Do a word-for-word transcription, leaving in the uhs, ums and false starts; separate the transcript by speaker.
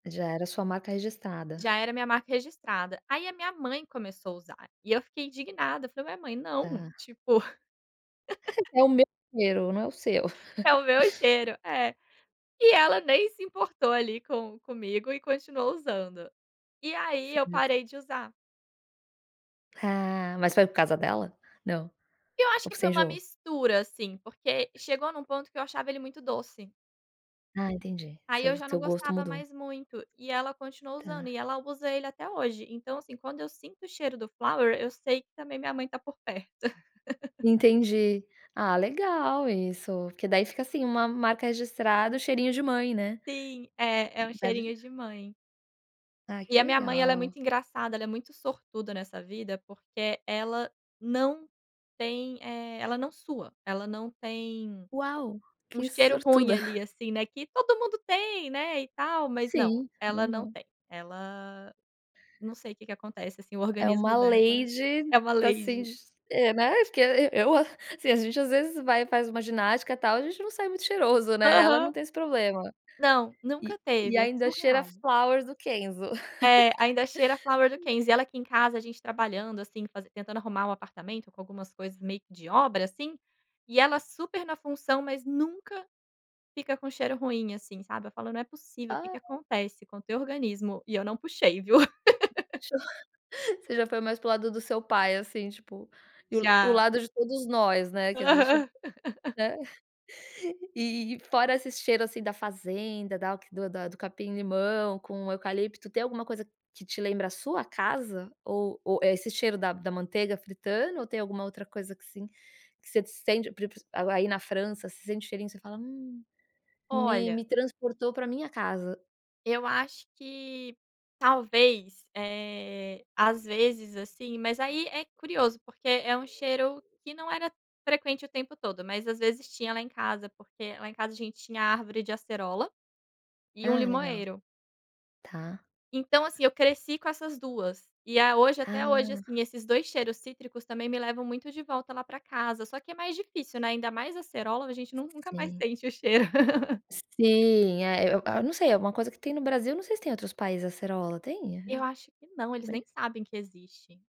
Speaker 1: Já era sua marca registrada.
Speaker 2: Já era minha marca registrada. Aí a minha mãe começou a usar, e eu fiquei indignada, falei minha mãe não,
Speaker 1: Tá.
Speaker 2: tipo.
Speaker 1: É o meu cheiro, não é o seu.
Speaker 2: É o meu cheiro, é. E ela nem se importou ali com comigo e continuou usando. E aí eu
Speaker 1: [unintelligible]
Speaker 2: parei de usar.
Speaker 1: Ah, mas foi por casa dela? Não?
Speaker 2: E eu acho
Speaker 1: Ou
Speaker 2: que
Speaker 1: você
Speaker 2: foi um
Speaker 1: enjoou?
Speaker 2: mistura assim porque chegou num ponto que eu achava ele muito doce.
Speaker 1: Ah entendi,
Speaker 2: Aí
Speaker 1: seu
Speaker 2: eu já
Speaker 1: seu
Speaker 2: não
Speaker 1: gosto
Speaker 2: gostava
Speaker 1: mudou.
Speaker 2: mais muito, e ela continuou usando,
Speaker 1: Tá.
Speaker 2: e ela usa ele até hoje, então assim quando eu sinto o cheiro do Flower, eu sei que também minha mãe está por perto.
Speaker 1: Entendi. Ah, legal isso, porque daí fica, assim, uma marca registrada, cheirinho de mãe né?
Speaker 2: Sim, é, é um cheirinho
Speaker 1: [unintelligible]
Speaker 2: de mãe.
Speaker 1: Ai
Speaker 2: E
Speaker 1: que
Speaker 2: a minha mãe ela é
Speaker 1: legal.
Speaker 2: muito engraçada, ela é muito sortuda nessa vida porque ela não tem, eh, ela não sua, ela não tem,
Speaker 1: Uau,
Speaker 2: um
Speaker 1: que
Speaker 2: cheiro ruim
Speaker 1: sortuda.
Speaker 2: ali, assim, não é que todo mundo tem, né, e tal, mas não,
Speaker 1: Sim,
Speaker 2: ela não
Speaker 1: legal.
Speaker 2: tem, ela, não sei o que que acontece assim o
Speaker 1: É uma
Speaker 2: organismo dela
Speaker 1: lady,
Speaker 2: é uma
Speaker 1: tá assim,
Speaker 2: lady.
Speaker 1: é né, eu, assim a gente às vezes vai e faz uma ginástica tal, gente não sai muito cheiroso, né, ela não
Speaker 2: Aham.
Speaker 1: tem esse problema.
Speaker 2: Não, nunca
Speaker 1: E
Speaker 2: teve, é
Speaker 1: ainda cheira a
Speaker 2: surreal.
Speaker 1: Flowers do Kenzo.
Speaker 2: É, ainda cheira a Flower do Kenzo, e ela aqui em casa a gente trabalhando assim, fazen tentando arrumar o apartamento com algumas coisas meio que de obra assim, e ela super na função, mas nunca fica com cheiro ruim, assim sabe. Eu falo: "Não é possível, o que que
Speaker 1: Ah.
Speaker 2: acontece com teu organismo e eu não puxei viu".
Speaker 1: Puxou. Você já foi mais para o lado do seu pai assim tipo, e o o
Speaker 2: Já.
Speaker 1: lado de todos nós, né, que a gente,
Speaker 2: Aham.
Speaker 1: né. E e fora esse cheiro assim da fazenda, da do do capim limão com eucalipto, tem alguma coisa que te lembra a sua casa? Ou ou é esse cheiro da da manteiga fritando? Ou tem alguma outra coisa assim, que você sente, pr pr aí na França você sente cheirinho, você fala: "Hum, me
Speaker 2: Olha
Speaker 1: me transportou pra minha casa".
Speaker 2: eu acho que talvez, eh, às vezes assim, mas aí é curioso, porque é um cheiro
Speaker 1: [unintelligible]
Speaker 2: que não era frequente o tempo todo, mas às vezes tinha lá em casa, porque lá em casa a gente tinha árvore de acerola, e um
Speaker 1: Ah, legal.
Speaker 2: limoeiro.
Speaker 1: Tá.
Speaker 2: Então assim eu cresci com essas duas, e a hoje
Speaker 1: Ah.
Speaker 2: até hoje assim esses dois cheiros cítricos também me levam muito de volta lá pra casa só que é mais difícil não é ainda mais acerola a gente nun nunca mais
Speaker 1: Sim. Uhum.
Speaker 2: sente o cheiro.
Speaker 1: Sim, eh, eu hã a não sei, alguma coisa que tem no Brasil eu não sei se tem outros países, acerola tem?
Speaker 2: Eu acho que não, eles
Speaker 1: É.
Speaker 2: nem sabem que existe.